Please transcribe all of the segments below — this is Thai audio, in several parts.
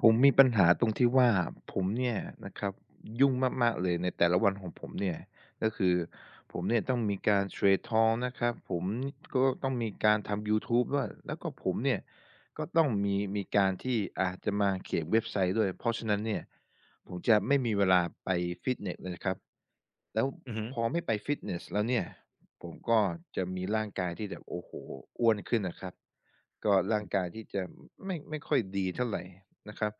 ผมมีปัญหาตรงที่ว่า ผมเนี่ยนะครับ ยุ่งมาก ๆ เลยในแต่ละวันของผมเนี่ย ก็คือผมเนี่ยต้องมีการเทรดทองนะครับ ผม ก็ต้องมี การทำ Youtube ด้วย แล้วก็ผมเนี่ย ก็ต้องมี มีการที่อาจจะมาเขียนเว็บไซต์ด้วย เพราะฉะนั้นเนี่ย ผมจะไม่มีเวลาไปฟิตเนสเลยครับ แล้วอือฮึ พอไม่ไปฟิตเนสแล้วเนี่ย ผมก็จะมีร่างกายที่แบบ โอ้โห อ้วนขึ้นนะครับ ก็อร่างืม กายที่จะไม่ ไม่ค่อยดีเท่าไร นะครับ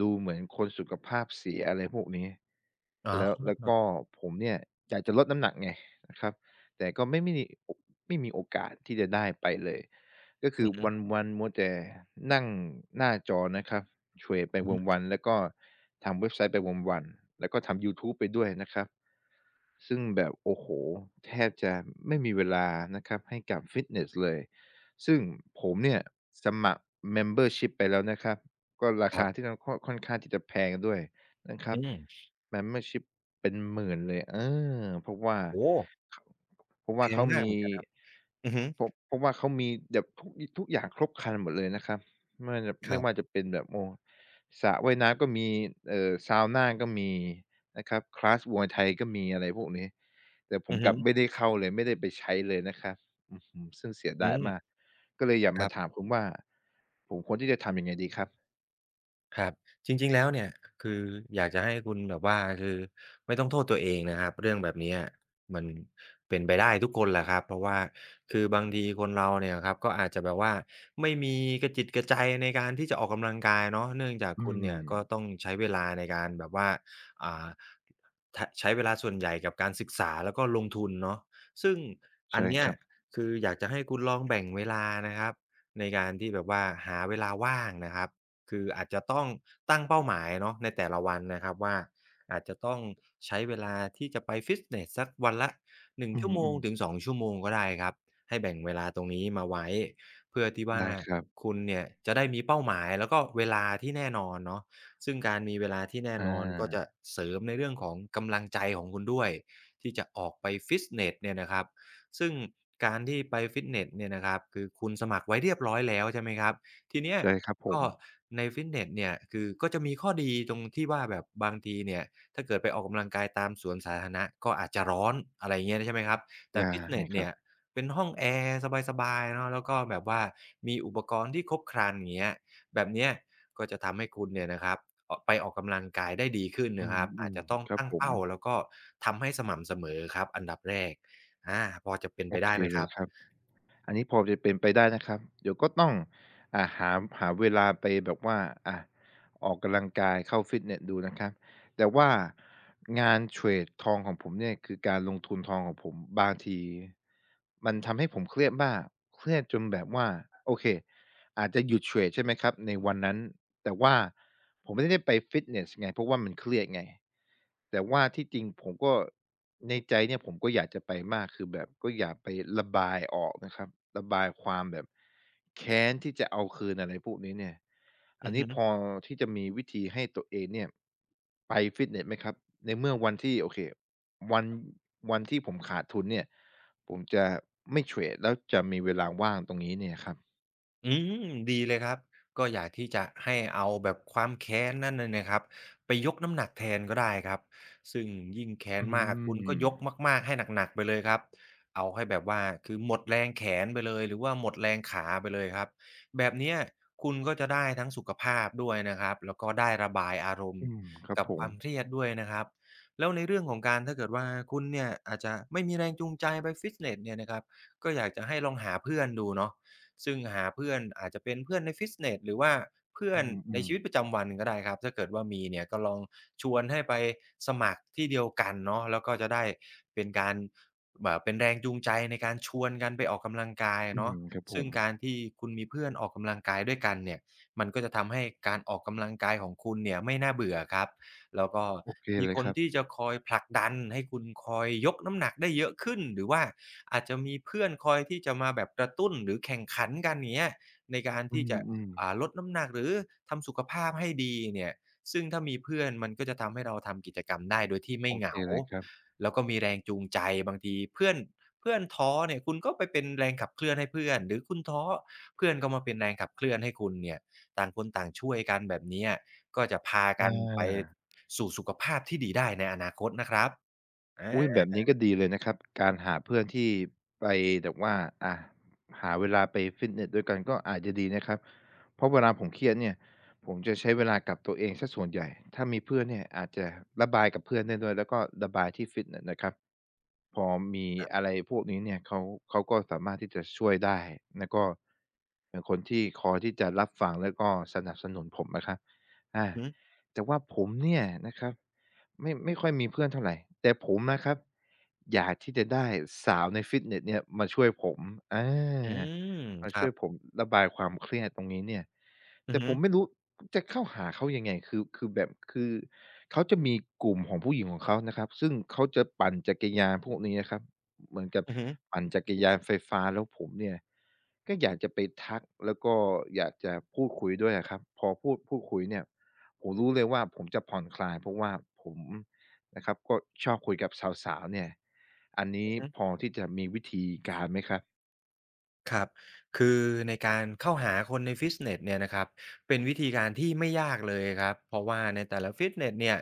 ดูเหมือนคนสุขภาพเสีย อะไรพวกนี้ อ๋แล้ว แล้วกอ ็ผมเนี่ยอยากจะลดน้ำหนักไง นะครับ แต่ก็ไม่มีโอะ ไม่มีโอกาสที่จะได้ไปเลย ก็คอืืออฮึ วัน ๆ มัวแต่ นั่งหน้าจอนะครับ เฉื่อยไปอือฮึ วัน ๆ แล้วก็ทำเว็บไซต์ไปวัน ๆ แล้วก็ทำ Youtube ไปด้วยนะครับ ซึ่งแบบ โอ้โฮ แทบจะไม่มีเวลานะครับให้กับฟิตเนสเลย ซึ่งผมเนี่ยสมัคร membership ไปแล้วนะครับ ก็ราคครัาบ ที่เรา ก็ค่อนข้างที่จะแพงด้วยนะครอืับ อ membership เป็นหมื่นเลย เออ เพราะว่า โอ้โฮ ครับผม เพราะแวพ่าเขงามามกเหี มือนกันครับ อือฮึ เพราะ เพราะว่าเขามีแบบ ทุกอี ทุกอย่างครบครันหมดเลยนะครับ ไม่แบบ คไมร่ับ ว่าจะ เป็นแบบ โอ้ สระว่ายน้ำก็มี เอ่อ เซานาก็มีนะครับ คลาส มวยไทยก็มี อะไรพวกนี้ แต่ผอืมอฮกลับึ ไม่ได้เข้าเลย ไม่ได้ไปใช้เลยนะครับ อื้อฮือ ซึ่งเสียอืดายม มาก ก็เลยอยากคมราับ ถามคุณว่า ผมควรที่จะทำยังไงดีครับ? ครับ จริง ๆ แล้วเนี่ย คืออยากจะให้คุณแบบว่า คือไม่ต้องโทษตัวเองนะครับ เรื่องแบบเนี้ย มันเป็นไปได้ทุกคนแหละครับ เพราะว่าคือบางทีคนเราเนี่ยครับ ก็อาจจะแบบว่าไม่มีกะจิตกะใจในการที่จะออกกำลังกายเนาะ เนื่องจากอืคุณเนี่ย ก็ม ต้องใช้เวลาในการแบบว่า อ่า ทะ ใช้เวลาส่วนใหญ่กับการศึกษา แล้วก็ลงทุนเนาะ ซึ่งใอชั่ นเนีค้ย รับ คืออยากจะให้คุณลองแบ่งเวลานะครับ ในการที่แบบว่าหาเวลาว่างนะครับ คืออาจจะต้องตั้งเป้าหมายเนาะในแต่ละวันนะครับว่า อาจจะต้องใช้เวลาที่จะไปฟิตเนสสักวันละ 1 อืชั่วโมงอ ถๆ ึง 2 ชั่วโมงก็ได้ครับ ให้แบ่งเวลาตรงนี้มาไว้ เพื่อที่วไ่ดา้ครับ คุณเนี่ยจะได้มีเป้าหมาย แล้วก็เวลาที่แน่นอนเนาะ ซึ่งการมีเวลาที่แน่อนอน ก็จา ะเสริมในเรื่องของกำลังใจของคุณด้วย ที่จะออกไปฟิตเนสเนี่ยนะครับ ซึ่งการที่ไปฟิตเนสเนี่ยนะครับ คือคุณสมัครไว้เรียบร้อยแล้ว ใช่ไหมครับ ทีเนี้ย ใช่ครับผก็ม ในฟิตเนสเนี่ย คือก็จะมีข้อดีตรงที่ว่าแบบบางทีเนี่ย ถ้าเกิดไปออกกำลังกายตามสวนสาธารณะ ก็อาจจะร้อน อะไรอย่างเงี้ยนี่ ใช่ไหมครับ แต่ฟิตเนไงสคเรนีั่บ ยเป็นห้องแอร์สบาย ๆ เนาะ แล้วก็แบบว่ามีอุปกรณ์ที่ครบครันเงี้ย แบบเนี้ยก็จะทำให้คุณเนี่ยนะครับเอาะ ไปออกกำลังกาย ได้ดีขึ้นอืนะครับ อาจม จะต้องๆ ครัตบั้งผเปม ้า แล้วก็ทำให้สม่ำเสมอครับอันดับแรก อา พอจะเป็นโไอปไเดค ้ไหมเลครัยบ? ครับ อันนี้พอจะเป็นไปได้นะครับ เดี๋ยวก็ต้อง อ่า หา ม หาเวลาไปแบบว่า อ่า ออกกำลังกาย เข้าฟิตเนสดูนะครับ แต่ว่า งานเทรดทองของผมเนี่ย คือการลงทุนทองของผม บางที มันทำให้ผมเครียดมาก เครียดจนแบบว่า โอเค อาจจะหยุดเทรด ใช่ไหมครับ ในวันนั้น แต่ว่าผมไม่ได้ไปฟิตเนสไง เพราะว่ามันเครียดไง แต่ว่าที่จริงผมก็ ในใจเนี่ยผม ก็อยากจะไปมาก คือแบบก็อยากไประบายออกนะครับ ระบายความแบบ แค้นที่จะเอาคืน อะไรพวกนี้เนี่ย ออืันอนฮี้พึ อ ที่จะมีวิธีให้ตัวเองเนี่ย ไปฟิตเนสไหมครับ? ในเมื่อวันที่ โอเค วัน วันที่ผมขาดทุนเนี่ย ผมจะไม่เทรด แล้วจะมีเวลาว่างตรงนี้เนี่ยครับ อืม ดีเลยครับ ก็อยากที่จะให้เอาแบบความแค้นนั่นน่ะนะครับ ไปยกน้ำหนักแทนก็ได้ครับ ซึ่งยิ่งแค้อืนมาก คุณก็ยกม มาก ๆ ให้หนัก ๆ ไปเลยครับ เอาให้แบบว่า คือหมดแรงแขนไปเลย หรือว่าหมดแรงขาไปเลยครับ แบบเนี้ยคุณก็จะได้ทั้งสุขภาพด้วยนะครับ แล้วก็ได้ระบายอารมณอื์ม ครับกับผความม เครียดด้วยนะครับ แล้วในเรื่องของการ ถ้าเกิดว่าคุณเนี่ย อาจจะไม่มีแรงจูงใจไปฟิตเนสเนี่ยนะครับ ก็อยากจะให้ลองหาเพื่อนดูเนาะ ซึ่งหาเพื่อนอาจจะเป็นเพื่อนในฟิตเนส หรือว่าเพื่ออนืในอ ชีๆ วิตประจำวันก็ได้ครับ ถ้าเกิดว่ามีเนี่ย ก็ลองชวนให้ไปสมัครที่เดียวกันเนาะ แล้วก็จะได้เป็นการ บ เป็นแรงจูงใจในการชวนกันไปออกกำลังกายออืะเนาม ะ ครับผซึ่งกม ารที่คุณมีเพื่อนออกกำลังกายด้วยกันเนี่ย มันก็จะทำให้การออกกำลังกายของคุณเนี่ยไม่น่าเบื่อครับ แล้วก็โอเคมเีลยคคนรับ ที่จะคอยผลักดันให้คุณคอยยกน้ำหนักได้เยอะขึ้น หรือว่าอาจจะมีเพื่อนคอยที่จะมาแบบกระตุ้นหรือแข่งขันกันอย่างเงี้ย ในการอทืี่จะ อ อๆ ่า ลดน้ำหนักหรือทำสุขภาพให้ดีเนี่ย ซึ่งถ้ามีเพื่อนมันก็จะทำให้เราทำกิจกรรมได้โดยที่ไมโอ่เหเคงา เลยครับ แล้วก็มีแรงจูงใจ บางทีเพื่อน เพื่อนท้อเนี่ย คุณก็ไปเป็นแรงขับเคลื่อนให้เพื่อน หรือคุณท้อ เพื่อนก็มาเป็นแรงขับเคลื่อนให้คุณเนี่ย ต่างคนต่างช่วยกันแบบเนี้ย ก็จะพากันไป อา สู่สุขภาพที่ดีได้ในอนาคตนะครับ ออุ๊ย แบา บนี้ก็ดีเลยนะครับ การหาเพื่อนที่ไปแบบว่า อ่า หาเวลาไปฟิตเนสด้วยกัน ก็อาจจะดีนะครับ เพราะเวลาผมเครียดเนี่ย ผมจะใช้เวลากับตัวเองเสียส่วนใหญ่ ถ้ามีเพื่อนเนี่ยอาจจะระบายกับเพื่อนได้ด้วย แล้วก็ระบายที่ฟิตเนสนะครับ พอมีครับ อะไรพวกนี้เนี่ย เขา เขาก็สามารถที่จะช่วยได้นะ ก็ เป็นคนที่คอยที่จะรับฟัง แล้วก็สนับสนุนผมนะครับ อา หือ แต่ว่าผมเนี่ยนะครับ ไม่ ไม่ค่อยมีเพื่อนเท่าไร แต่ผมนะครับ อยากที่จะได้สาวในฟิตเนสเนี่ยมาช่วยผม อา อือ มาคชรั่วบ ยผมระบายความเครียดตรงนี้เนี่ย อแืตอ่ฮผึ มไม่รู้จะเข้าหาเขายังไง? คือ คือแบบ คือเขาจะมีกลุ่มของผู้หญิงของเขานะครับ ซึ่งเขาจะปั่นจักรยานพวกนี้นะครับ เหมือนกับอือฮึ ปั่นจักรยานไฟฟ้า แล้วผมเนี่ย ก็อยากจะไปทัก แล้วก็อยากจะพูดคุยด้วยอะครับ พอพูด พูดคุยเนี่ย ผมรู้เลยว่า ผมจะผ่อนคลาย เพราะว่าผมนะครับ ก็ชอบคุยกับสาว ๆ เนี่ย อันนีอื้อฮึ พอที่จะมีวิธีการไหมครับ? ครับ คือในการเข้าหาคนในฟิตเนสเนี่ยนะครับ เป็นวิธีการที่ไม่ยากเลยครับ เพราะว่าในแต่ละฟิตเนสเนี่ย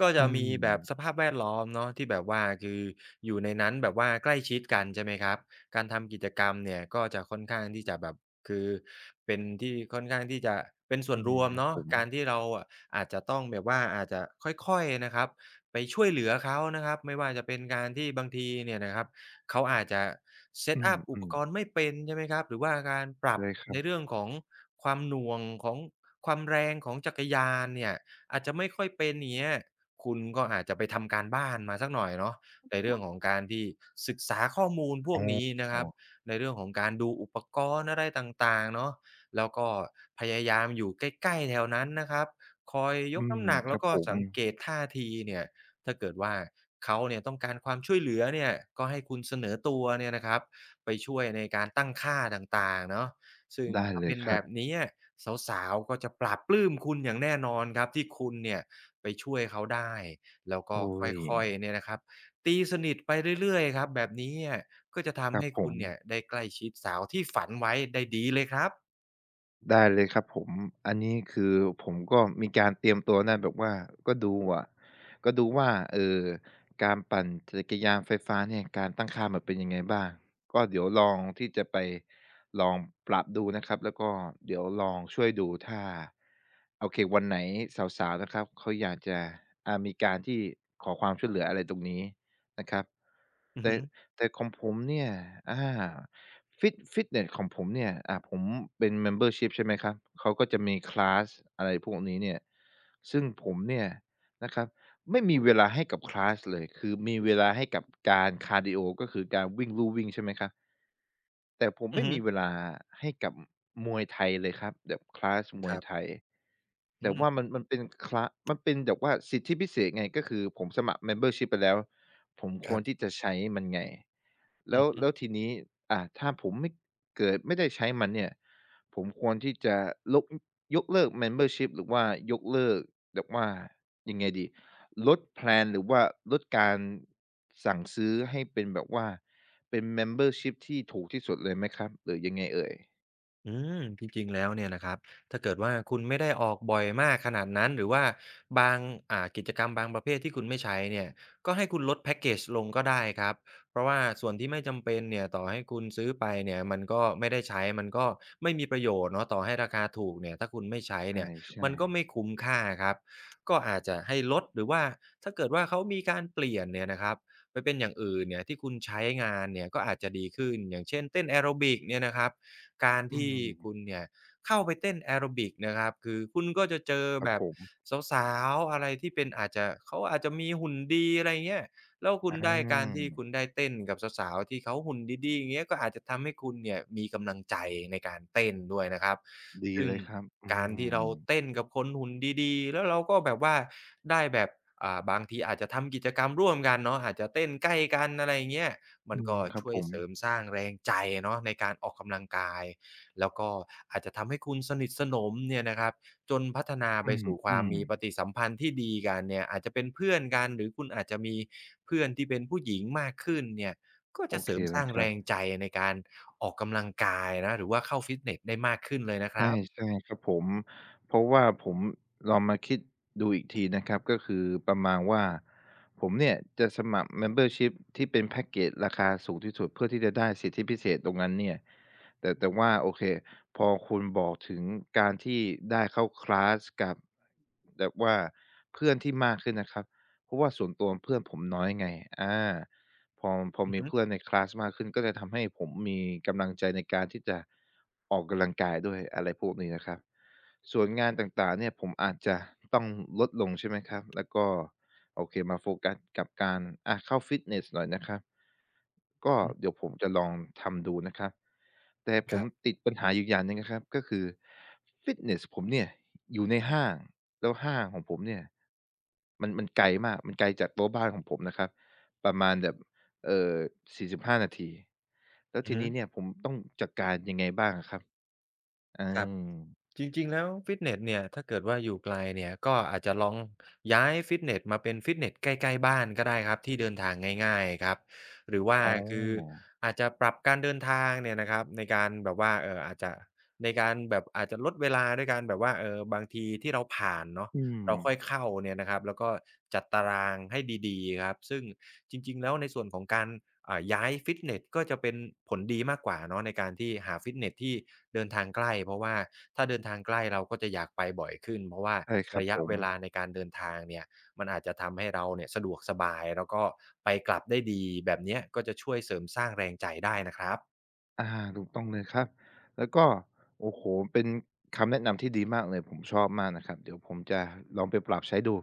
ก็จอืะมีแบบม สภาพแวดล้อมเนาะ ที่แบบว่า คืออยู่ในนั้นแบบว่าใกล้ชิดกัน ใช่ไหมครับ การทำกิจกรรมเนี่ย ก็จะค่อนข้างที่จะแบบ คือเป็นที่ค่อนข้างที่จะเป็นส่อวืนรม วมครัเบนาะ ผม การที่เราอาจจะต้องแบบว่า อาจจะค่อย ๆ นะครับ ไปช่วยเหลือเขานะครับ ไม่ว่าจะเป็นการที่บางทีเนี่ยนะครับ เขาอาจจะ อืSet up อุปอ กๆ รณ์ไม่เป็น ใช่ไหมครับ หรือว่าการปรัไบด้ครใันเรบ ื่องของความหน่วงของความแรงของจักรยานเนี่ย อาจจะไม่ค่อยเป็น อย่างเงี้ย คุณก็อาจจะไปทำการบ้านมาสักหน่อยเนาะ ในเรื่องของการที่ศึกษาข้อมูลพอวกนี้นะค๋รับ อ ในเรื่องของการดูอุปกรณ์อะไรต่าง ๆ เนาะ แล้วก็พยายามอยู่ใกล้ ๆ แถวนั้นนะครับ คอยยอืกน้ม ำหนัก คแลร้ัวบก็ผม สังเกตท่าทีเนี่ย ถ้าเกิดว่าเขาเนี่ยต้องการความช่วยเหลือเนี่ยก็ให้คุณเสนอตัวเนี่ยนะครับ ไปช่วยในการตั้งค่าต่าง ๆ เนาะ ซึ่งได้ถ้าเลเปย็นคแบรับบ นี้อะ สาว ๆ ก็จะปลาบปลื้มคุณอย่างแน่นอนครับ ที่คุณเนี่ยไปช่วยเขาได้ แล้วกอุ็๊ย ค่อย ๆ เนี่ยนะครับ ตีสนิทไปเรื่อย ๆ ครับ แบบนี้เนี่ย ก็จะทคำรัใหบ้ผคุณเนีม ่ยได้ใกล้ชิดสาว ที่ฝันไว้ได้ดีเลยครับ ได้เลยครับผม อันนี้คือผมก็มีการเตรียมตัวนะ แบบว่า ก็ดูอะ ก็ดูว่า เอ่อ การปั่นจักรยานไฟฟ้าเนี่ย การตั้งค่ามันเป็นยังไงบ้าง ก็เดี๋ยวลองที่จะไปลองปรับดูนะครับ แล้วก็เดี๋ยวลองช่วยดูถ้า โอเค วันไหนสาว ๆ นะครับ เขาอยากจะ อ่า มีการที่ขอความช่วยเหลืออะไรตรงนี้นะครับ อืแอต่ ฮึ แต่ของผมเนี่ย อา ฟิต-ฟิตเนสของผมเนี่ย อ่า ผมเป็น Membership ใช่ไหมครับ เขาก็จะมี คลาส อะไรพวกนี้เนี่ย ซึ่งผมเนี่ยนะครับ ไม่มีเวลาให้กับ คลาส เลย คือมีเวลาให้กับการคาร์ดีโอ ก็คือการวิ่งลู่วิ่ง ใช่ไหมครับ? แต่ผมอไืมอ่ฮึ มีเวลาให้กับ มวยไทยเลยครับ แบบ คลาส มควยรับ ไทย อแืต่ม ว่ามัน มันเป็นคละ มันเป็นแบบว่าสิทธิพิเศษไง ก็คือผมสมัคร Membership ไปแล้ว ผมคครวับ รที่จะใช้มันไง แอลื้อว ฮึ แล้วทีนี้ อา ถ้าผมไม่ เกิดไม่ได้ใช้มันเนี่ย ผมควรที่จะลก อ ยกเลิก Membership หรือว่ายกเลิกแบบว่า ยังไงดี ลด แพลน หรือว่าลดการสั่งซื้อให้เป็นแบบว่าเป็น Membership ที่ถูกที่สุดเลยไหมครับ หรือยังไงเอ่ย? อืม จริง ๆ แล้วเนี่ยนะครับ ถ้าเกิดว่า คุณไม่ได้ออกบ่อยมากขนาดนั้น หรือว่าบาง อ่า กิจกรรมบางประเภทที่คุณไม่ใช้เนี่ย ก็ให้คุณลดแพ็กเกจลงก็ได้ครับ เพราะว่าส่วนที่ไม่จำเป็นเนี่ย ต่อให้คุณซื้อไปเนี่ย มันก็ไม่ได้ใช้ มันก็ไม่มีประโยชน์เนาะ ต่อให้ราคาถูกเนี่ย ถ้าคุณไม่ใช้ใเนี่ย ชม่ ันก็ไมๆ ่คุ้มค่าครับ ก็อาจจะให้ลด หรือว่า ถ้าเกิดว่าเขามีการเปลี่ยนเนี่ยนะครับ ไปเป็นอย่างอื่นเนี่ย ที่คุณใช้งานเนี่ย ก็อาจจะดีขึ้น อย่างเช่น เต้นแอโรบิกเนี่ยนะครับ การอืที่คม ุณเนี่ยเข้าไปเต้นแอโรบิกนะครับ คือคุณก็จะเจอครัแบบผบม สาว ๆ อะไรที่เป็น อาจจะ เขาอาจจะมีหุ่นดี อะไรอย่างเงี้ย แล้วคอ ุณได้ การที่คอา ุณได้เต้นกับสาว ๆ ที่เขาหุ่นดี ๆ อย่างเงี้ย ก็อาจจะทำให้คุณเนี่ย มีกำลังใจในการเต้นด้วยนะครับ ดีซึ่เงลยครับ อืการที่เราม เต้นกับคนหุ่นดี ๆ แล้วเราก็แบบว่าได้แบบ อ่า บางทีอาจจะทำกิจกรรมร่วมกันเนาะ อาจจะเต้นใกล้กัน อะไรอย่างเงี้ย มอัืนกม ็ครัชบ่วผยม เสริมสร้างแรงใจเนาะในการออกกำลังกาย แล้วก็อาจจะทำให้คุณสนิทสนมเนี่ยนะครับ จนพัฒนาอไปสู่ควืามอ มีๆ ปฏิสัมพันธ์ที่ดีกันเนี่ย อาจจะเป็นเพื่อนกัน หรือคุณอาจจะมีเพื่อนที่เป็นผู้หญิงมากขึ้นเนี่ย ก็โอจะเเสคริมเสลร้ายงครแรับ งใจในการออกกำลังกายนะ หรือว่าเข้าฟิตเนสได้มากขึ้นเลยนะคใรับ ช่ ๆ ครับผม เพราะว่าผมลองมาคิดดูอีกทีนะครับ ก็คือประมาณว่า ผมเนี่ยจะสมัคร membership ที่เป็นแพ็กเกจราคาสูงที่สุด เพื่อที่จะได้สิทธิพิเศษตรงนั้นเนี่ย แต่ แต่ว่า โอเค พอคุณบอกถึงการที่ได้เข้าคลาสกับ แบบว่าเพื่อนที่มากขึ้นนะครับ เพราะว่าส่วนตัวเพื่อนผมน้อยไง อา พอ พออือมีฮึ เพื่อนในคลาสมากขึ้น ก็จะทำให้ผมมีกำลังใจในการที่จะออกกำลังกายด้วย อะไรพวกนี้นะครับ ส่วนงานต่าง ๆ เนี่ย ผมอาจจะต้องลดลง ใช่ไหมครับ แล้วก็ โอเค มาโฟกัสกับการ อะ เข้าฟิตเนสหน่อยนะครับ ก็อือ เดี๋ยวผมจะลองทำดูนะครับ แต่ผคมรับ ติดปัญหาอีกอย่างหนึ่งนะครับ ก็คือ ฟิตเนสผมเนี่ยอยู่ในห้าง แล้วห้างของผมเนี่ย มัน มันไกลมาก มันไกลจากตัวบ้านของผมนะครับ ประมาณแบบ เอ่อ 45 นาที แล้วอืทอีฮนีึ ้เนี่ยผมต้องจัดการยังไงบ้างอะครับ? เอครับ อ จริง ๆ แล้วฟิตเนสเนี่ย ถ้าเกิดว่าอยู่ไกลเนี่ย ก็อาจจะลองย้ายฟิตเนสมาเป็นฟิตเนสใกล้ ๆ บ้านก็ได้ครับ ที่เดินทางง่าย ๆ ครับ หรือว่าอ๋อ คืออาจจะปรับการเดินทางเนี่ยนะครับ ในการแบบว่า เอ่อ อาจจะ ในการแบบอาจจะลดเวลาด้วยการแบบว่า เออ บางทีที่เราผ่านเนาะ อืเราค่อยม เข้าเนี่ยนะครับ แล้วก็จัดตารางให้ดี ๆ ครับ ซึ่งจริง ๆ แล้วในส่วนของการ อ่า ย้ายฟิตเนส ก็จะเป็นผลดีมากกว่าเนาะ ในการที่หาฟิตเนสที่เดินทางใกล้ เพราะว่าถ้าเดินทางใกล้ เราก็จะอยากไปบ่อยขึ้น เพราะว่าใช่ครัรบะยะผเวม ลาในการเดินทางเนี่ย มันอาจจะทำให้เราเนี่ยสะดวกสบาย แล้วก็ไปกลับได้ดีแบบเนี้ย ก็จะช่วยเสริมสร้างแรงใจได้นะครับ อา ถูกต้องเลยครับ แล้วก็ โอ้โฮ เป็นคำแนะนำที่ดีมากเลย ผมชอบมากนะครับ เดี๋ยวผมจะลองไปปรับใช้ดู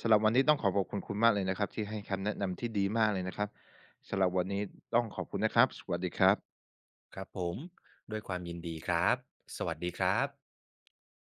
สำหรับวันนี้ต้องขอขอบคุณคุณมากเลยนะครับ ที่ให้คำแนะนำที่ดีมากเลยนะครับ สำหรับวันนี้ต้องขอบคุณนะครับ สวัสดีครับ ครับผม ด้วยความยินดีครับ สวัสดีครับ